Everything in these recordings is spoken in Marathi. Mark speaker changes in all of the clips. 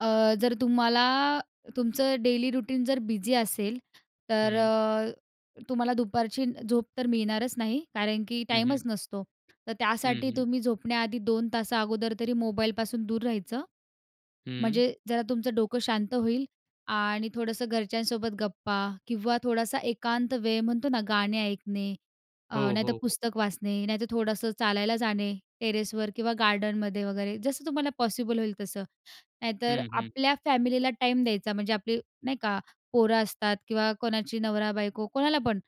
Speaker 1: अ, जर तुम्हाला तुमचं डेली रुटीन जर बिझी असेल, तर
Speaker 2: हं.
Speaker 1: अ, तुम्हाला दुपारची झोप तर मिळणारच नाही कारण की
Speaker 2: हं, हं.
Speaker 1: टाईमच नसतो. तर
Speaker 2: हं,
Speaker 1: त्यासाठी
Speaker 2: हं.
Speaker 1: तुम्ही झोपण्याआधी 2 तास अगोदर तरी मोबाईलपासून दूर राहायचं,
Speaker 2: हं.
Speaker 1: म्हणजे जरा तुमचं डोकं शांत होईल. आणि थोडंसं घरच्यांसोबत गप्पा किंवा थोडासा एकांत वेळ म्हणतो ना, गाणे ऐकणे, अ,
Speaker 2: हो,
Speaker 1: नाहीतर
Speaker 2: हो, हो.
Speaker 1: पुस्तक वाचणे, नाही तर थोडंसं चालायला जाणे टेरेसवर किंवा गार्डनमध्ये वगैरे, जसं तुम्हाला पॉसिबल होईल तसं. नाहीतर
Speaker 2: हं, हं.
Speaker 1: आपल्या फॅमिलीला टाईम द्यायचा, म्हणजे आपली नाही का पोरं असतात किंवा कोणाची नवरा-बायको, कोणाला पण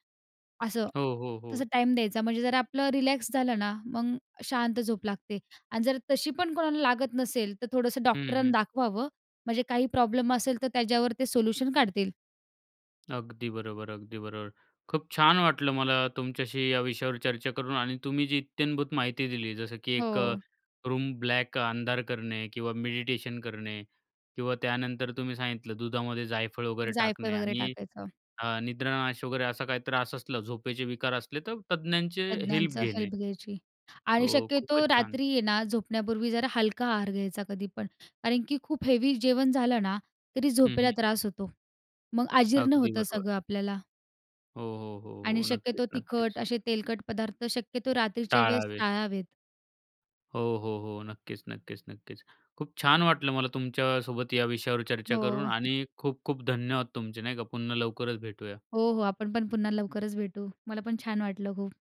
Speaker 1: असं.
Speaker 2: हो, हो,
Speaker 1: तसं
Speaker 2: हो.
Speaker 1: टाईम द्यायचा. म्हणजे जर आपलं रिलॅक्स झालं ना, मग शांत झोप लागते. आणि जर तशी पण कोणाला लागत नसेल, तर थोडंसं
Speaker 2: हं,
Speaker 1: डॉक्टरांना
Speaker 2: हं.
Speaker 1: दाखवावं, म्हणजे काही प्रॉब्लेम असेल तर त्याच्यावर ते सोल्युशन काढतील.
Speaker 2: अगदी बरोबर, अगदी बरोबर. खूप छान वाटलं मला तुमच्याशी या विषयावर चर्चा करून आणि तुम्ही जी इत्थंभूत माहिती दिली, जसं की एक
Speaker 1: हो.
Speaker 2: रूम ब्लॅक अंधार करणे किंवा मेडिटेशन करणे किंवा त्यानंतर तुम्ही सांगितलं दुधामध्ये जायफळ वगैरे
Speaker 1: जायफळ
Speaker 2: टाकणे
Speaker 1: वगैरे
Speaker 2: आणि
Speaker 1: टाकायचं.
Speaker 2: अ, निद्रानाश वगैरे असा काही त्रास असलं, झोपेचे विकार असले, तर तज्ञांचे हेल्प
Speaker 1: तज्ञांचं
Speaker 2: घेणे.
Speaker 1: हेल्प घ्यायची आणि
Speaker 2: हो,
Speaker 1: शक्यतो
Speaker 2: खूपच छान.
Speaker 1: रात्री आहे ना, झोपण्यापूर्वी जरा हलका आहार घ्यायचा कधी पण, कारण की खूप हेवी जेवण झालं ना, तरी
Speaker 2: हं,
Speaker 1: झोपेला
Speaker 2: हं.
Speaker 1: त्रास होतो, मग आजीर्ण
Speaker 2: अगदी
Speaker 1: होतं
Speaker 2: बरोबर.
Speaker 1: सगळं आपल्याला.
Speaker 2: हो, हो, हो,
Speaker 1: आणि
Speaker 2: हो.
Speaker 1: शक्यतो
Speaker 2: नक्कीच,
Speaker 1: तिखट,
Speaker 2: नक्कीच.
Speaker 1: असे तेलकट पदार्थ शक्यतो रात्रीच्या वेळेस
Speaker 2: टाळावे.
Speaker 1: टाळावेत.
Speaker 2: हो, हो, हो, नक्कीच, नक्कीच, नक्कीच. खूप छान वाटलं मला तुमच्यासोबत या विषयावर चर्चा
Speaker 1: हो.
Speaker 2: करून आणि खूप-खूप धन्यवाद तुमचे, नाही का. पुन्हा लवकरच भेटूया.
Speaker 1: हो, हो, आपण पण पुन्हा लवकरच भेटू. मला पण छान वाटलं खूप.